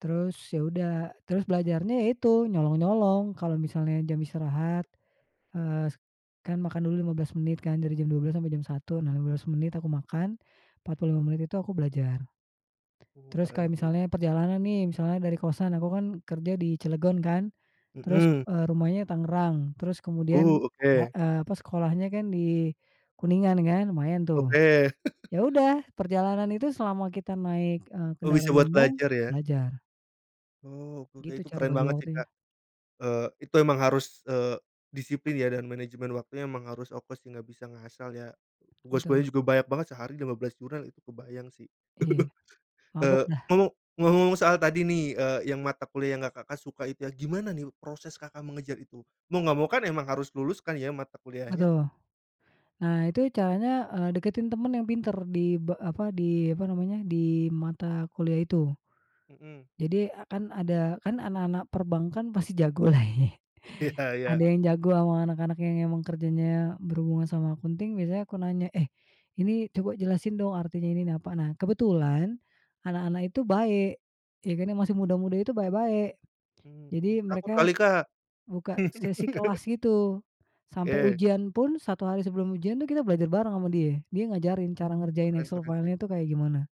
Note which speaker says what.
Speaker 1: Terus ya udah, terus belajarnya ya itu, nyolong-nyolong, kalau misalnya jam istirahat, eee, kan makan dulu 15 menit kan dari jam 12.00 sampai jam 1.00, nah 15 menit aku makan, 45 menit itu aku belajar.
Speaker 2: Oh
Speaker 1: Terus
Speaker 2: keren
Speaker 1: kayak
Speaker 2: sih.
Speaker 1: misalnya perjalanan nih, misalnya dari kosan aku kan kerja di Cilegon kan, terus,
Speaker 2: Mhm.
Speaker 1: eee, rumahnya Tangerang terus kemudian,
Speaker 2: Oh oke.
Speaker 1: eee, apa, sekolahnya kan di Kuningan, kan lumayan tuh.
Speaker 2: Oke.
Speaker 1: Ya udah, perjalanan itu selama kita naik, eee,
Speaker 2: Oh bisa
Speaker 1: kendaraan
Speaker 2: buat
Speaker 1: umum,
Speaker 2: belajar ya?
Speaker 1: belajar.
Speaker 2: Oh oke oke,
Speaker 1: Gitu
Speaker 2: itu
Speaker 1: cara
Speaker 2: keren
Speaker 1: bagi
Speaker 2: banget sih Kak.
Speaker 1: waktunya.
Speaker 2: Eee, itu emang harus, eee, disiplin ya dan manajemen waktunya emang harus fokus sih nggak bisa ngasal ya. Tugas
Speaker 1: Betul.
Speaker 2: kuliahnya juga banyak banget, sehari 15 jurnal itu kebayang sih.
Speaker 1: Iya, mabok
Speaker 2: Eee,
Speaker 1: dah.
Speaker 2: mau, ngomong-ngomong soal tadi nih, eee, yang mata kuliah yang nggak Kakak suka itu ya, gimana nih proses Kakak mengejar itu? Mau nggak mau kan emang harus lulus kan ya mata kuliahnya.
Speaker 1: Betul. Nah itu caranya, eee, dekatin teman yang pintar di be apa, di apa namanya, di mata kuliah itu.
Speaker 2: Mhm.
Speaker 1: Jadi, kan ada kan anak-anak perbankan pasti jago lah ya.
Speaker 2: Iya
Speaker 1: Ada
Speaker 2: ya.
Speaker 1: yang jago sama anak-anak yang memang kerjanya berhubungan sama accounting biasanya aku nanya, "Eh, ini coba jelasin dong artinya ini nih apa." Nah, kebetulan anak-anak itu baik, ya karena masih muda-muda itu baik-baik.
Speaker 2: Mmm,
Speaker 1: Jadi
Speaker 2: takut
Speaker 1: mereka
Speaker 2: kali Kak.
Speaker 1: buka sesi kelas gitu, sampai
Speaker 2: Oke.
Speaker 1: ujian pun, 1 hari sebelum ujian itu kita belajar bareng sama dia dia ngajarin cara
Speaker 2: Mmm,
Speaker 1: ngerjain
Speaker 2: keren
Speaker 1: Excel
Speaker 2: keren sih.
Speaker 1: file-nya itu kayak gimana.